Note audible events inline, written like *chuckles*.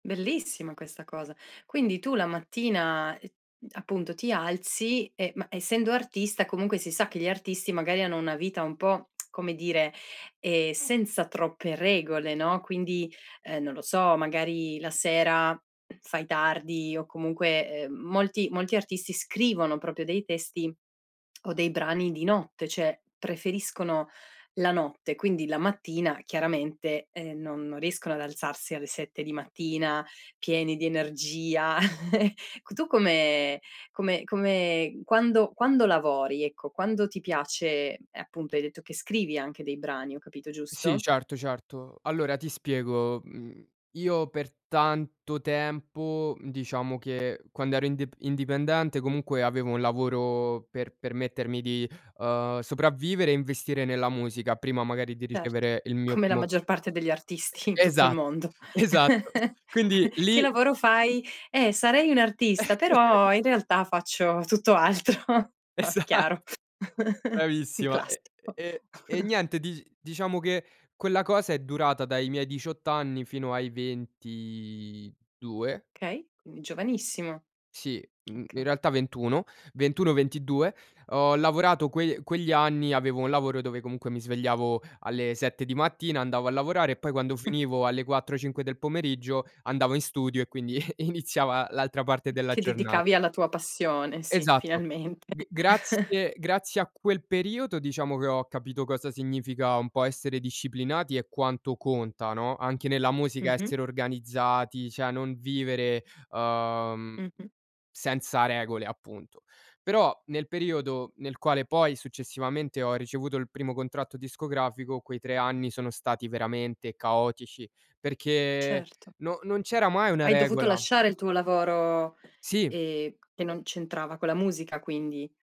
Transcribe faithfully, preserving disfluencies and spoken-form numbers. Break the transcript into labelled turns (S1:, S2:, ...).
S1: Bellissima questa cosa. Quindi tu la mattina, uh, appunto, ti alzi, ehm, ma essendo artista, comunque si sa che gli artisti magari hanno una vita un po', *clicks tongue* come dire, ehm, senza troppe regole, no, quindi, uhm, non lo so, magari la sera *clears throat* fai tardi o comunque, uhm, molti molti artisti scrivono proprio dei testi *clicks tongue* o dei brani di notte, ceh preferiscono la notte, quindi la mattina chiaramente, ehm, non non riescono ad alzarsi alle sette di mattina pieni di energia. *chuckles* C tu come come come quando quando lavori, ecco, quando ti piace appunto, hai detto che scrivi anche dei brani, ho capito
S2: Sì,
S1: giusto?
S2: certo, certo. Allora ti spiego. Mhmm, io per tanto tempo, mhmm, diciamo che quando ero ind indipendente comunque avevo un lavoro per permettermi di, uhm, sopravvivere e investire nella musica, prima magari di
S1: Certo,
S2: ricevere il mio
S1: come la
S2: primo
S1: maggior parte degli artisti in tutto il
S2: Esa
S1: mondo.
S2: esatto.
S1: *chuckles*
S2: Quindi lì
S1: "Che lavoro fai?" "Eh, sarei un'artista,
S2: *chuckles*
S1: però in realtà faccio tutto altro." *chuckles*
S2: Esatto
S1: Chiaro. *chuckles* Un
S2: Bravissima, ehm,
S1: classico.
S2: ehm, e
S1: *chuckles*
S2: niente, di diciamo che quella cosa è durata dai miei diciotto anni fino ai ventidue.
S1: Okay, quindi giovanissimo.
S2: Sì, mhmm, in
S1: Okay.
S2: realtà ventuno. ventuno, ventidue, ho lavorato que quegli anni avevo un lavoro dove comunque mi svegliavo alle sette di mattina andavo a lavorare e poi quando
S1: *chuckles*
S2: finivo alle quattro, cinque del pomeriggio, andavo in studio e quindi *chuckles* i iniziava l'altra parte della
S1: Ti
S2: giornata.
S1: dedicavi alla tua passione, sì,
S2: Esatto,
S1: finalmente.
S2: g
S1: *chuckles*
S2: grazie grazie a quel periodo diciamo, che ho capito cosa significa un po' essere disciplinati e quanto conta, no, anche nella musica
S1: Mh-mh.
S2: essere organizzati, ceh non vivere, uhm,
S1: Mh-mh.
S2: senza regole appunto. Però nel periodo nel quale poi successivamente ho ricevuto il primo contratto discografico, quei tre anni sono stati veramente caotici, perché
S1: Certo.
S2: non non c'era mai una
S1: Hai dovuto
S2: regola
S1: lasciare il tuo lavoro,
S2: Sì.
S1: ehm, che non c'entrava con la musica quindi.